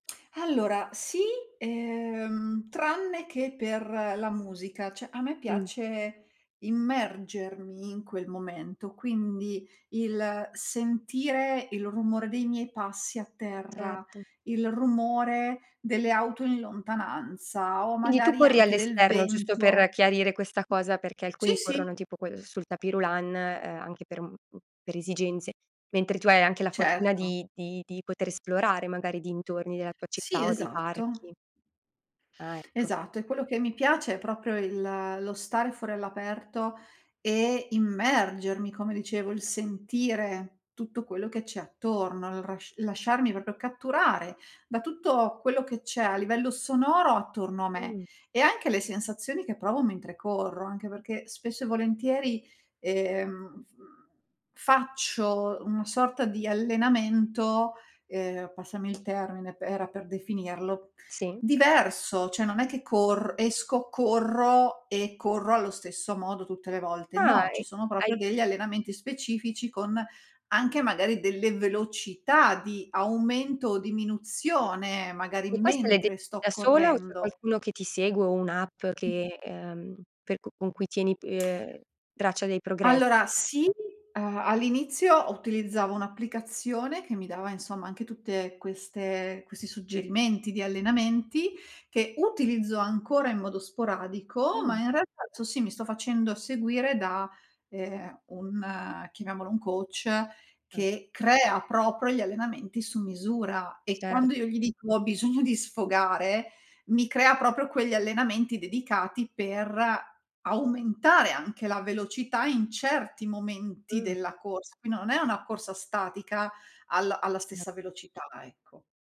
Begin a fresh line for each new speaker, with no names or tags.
Allora, sì, uhm, tranne che per la musica, cioè a me
Mh.
piace immergermi in quel momento, quindi il sentire il rumore dei miei passi a terra,
Certo.
il rumore delle auto in lontananza o
Quindi tu
magari
corri
anche del
all'esterno, giusto per
vento.
chiarire questa cosa, perché
Sì,
alcuni corrono
sì.
tipo co uhm, sul tapis roulant, uhm, anche per un m per esigenze, mentre tu hai anche la fortuna
Certo.
di di di poter esplorare magari i dintorni della tua
Sì,
città o dei parchi.
esatto.
Ah, ecco.
Esatto, e quello che mi piace è proprio il lo stare fuori all'aperto e immergermi, come dicevo, il sentire tutto quello che c'è attorno, il r lasciarmi proprio catturare da tutto quello che c'è a livello sonoro attorno a me
Mh.
e anche le sensazioni che provo mentre corro. Anche perché spesso e volentieri, ehm, f faccio una sorta di allenamento, ehm, passami il termine, p era per definirlo,
Sì.
diverso. Cioè non è che corr esco, corro e corro allo stesso modo tutte le volte.
Ah,
No, ci
e
sono
hai
proprio degli allenamenti specifici con anche magari delle velocità di aumento o diminuzione, magari
E queste le
mentre
decidi
sto
da sola o c'è
correndo.
qualcuno che ti segue o un'app che, uhm, per cu con cui tieni pi uhm, traccia dei progress
Allora, sì, uhm, all'inizio ho utilizzavo un'applicazione che mi dava, insomma, anche tutte queste questi suggerimenti di allenamenti, che utilizzo ancora in modo sporadico, ma
Mh.
in realtà [unintelligible] sì, mi sto facendo seguire da, ehm, un chiamiamolo un coach
Ah.
che crea proprio gli allenamenti su misura e
Cer
quando io gli dico: “Ho bisogno di sfogare”, mi crea proprio quegli allenamenti dedicati per aumentare anche la velocità in certi momenti
Mh.
della corsa. Quin non è una corsa statica alla alla
Ce
stessa velocità, ecco.